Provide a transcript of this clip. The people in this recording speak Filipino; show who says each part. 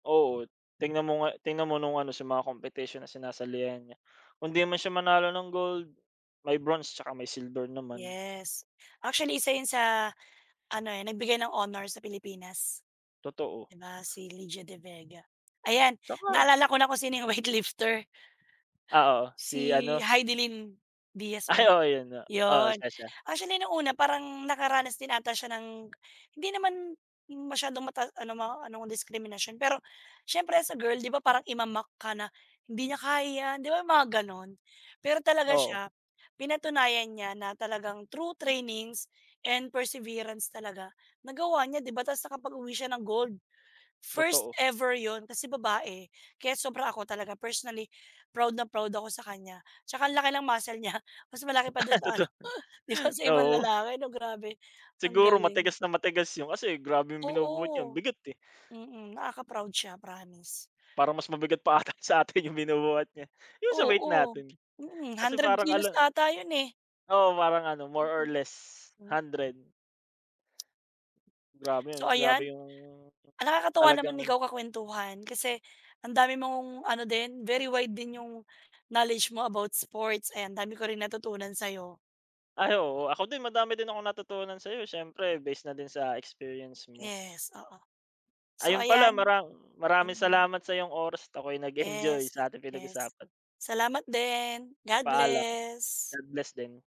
Speaker 1: Oo. Tingnan mo nga tingnan mo nung ano sa mga competition na sinasalihan niya, kung 'di man siya manalo ng gold, may bronze, at saka may silver naman.
Speaker 2: Yes. Actually 1 'yun sa ano, eh, nagbigay ng honor sa Pilipinas.
Speaker 1: Totoo.
Speaker 2: 'Di ba si Lydia De Vega. Ayan
Speaker 1: At saka
Speaker 2: naalala ko na kung sino 'yung weight lifter.
Speaker 1: Ah, oo.
Speaker 2: Si
Speaker 1: Si ano
Speaker 2: Hidilyn Diaz ba
Speaker 1: ay,
Speaker 2: yun
Speaker 1: oo 'yun nga. Oo
Speaker 2: 'yun.
Speaker 1: siya, siya.
Speaker 2: Actually nung una parang nakaranas din ata siya ng hindi naman masyadong mata ano ma anong diskriminasyon, pero siyempre as a girl, 'di ba parang ima-mock ka na, "Hindi niya kaya yan." 'di ba mga ganon? Pero talaga
Speaker 1: Oo.
Speaker 2: siya, pinatunayan niya na talagang through trainings and perseverance talaga nagawa niya, 'di ba? Tapos nakapaguwi siya ng gold. First
Speaker 1: Totoo.
Speaker 2: ever 'yun, kasi babae, kaya sobra ako talaga personally proud na proud ako sa kanya, At saka ang laki ng muscle niya, mas malaki pa dun sa
Speaker 1: Totoo.
Speaker 2: ano 'di ba, sa ibang
Speaker 1: Oo.
Speaker 2: lalaki 'no, grabe ang
Speaker 1: Siguro
Speaker 2: galing.
Speaker 1: matigas na matigas 'yun. Kasi grabe 'yung binubuhat niya, ang
Speaker 2: Oo.
Speaker 1: bigat, eh.
Speaker 2: Mm. Nakaka proud siya promise.
Speaker 1: Parang mas mabigat pa ata sa'tin yung binubuhat niya. Yung sa weight
Speaker 2: Oo.
Speaker 1: natin,
Speaker 2: Mm,
Speaker 1: Kasi
Speaker 2: 100
Speaker 1: parang
Speaker 2: kilos
Speaker 1: alam
Speaker 2: ata 'yun eh.
Speaker 1: oo parang ano, more
Speaker 2: Mm.
Speaker 1: or less
Speaker 2: Hmm.
Speaker 1: 100. Grabe,
Speaker 2: So
Speaker 1: grabe
Speaker 2: ayan
Speaker 1: yung
Speaker 2: nakakatuwa
Speaker 1: talagang
Speaker 2: naman ikaw kakwentuhan, kasi ang dami mong ano din, very wide din yung knowledge mo about sports. Ayan ang dami ko rin natutunan sa 'yo.
Speaker 1: Ay oo. Ako din madami din akong natutunan sa'yo eh, siyempre base na din sa experience mo.
Speaker 2: Yes, oo. So
Speaker 1: Ayun pala
Speaker 2: ayan
Speaker 1: mara maraming
Speaker 2: mm.
Speaker 1: salamat sa iyong oras at ako'y nag-enjoy
Speaker 2: Yes,
Speaker 1: sa ating
Speaker 2: yes.
Speaker 1: pinag-usapan.
Speaker 2: Salamat din. God
Speaker 1: Paalam.
Speaker 2: bless.
Speaker 1: God bless din.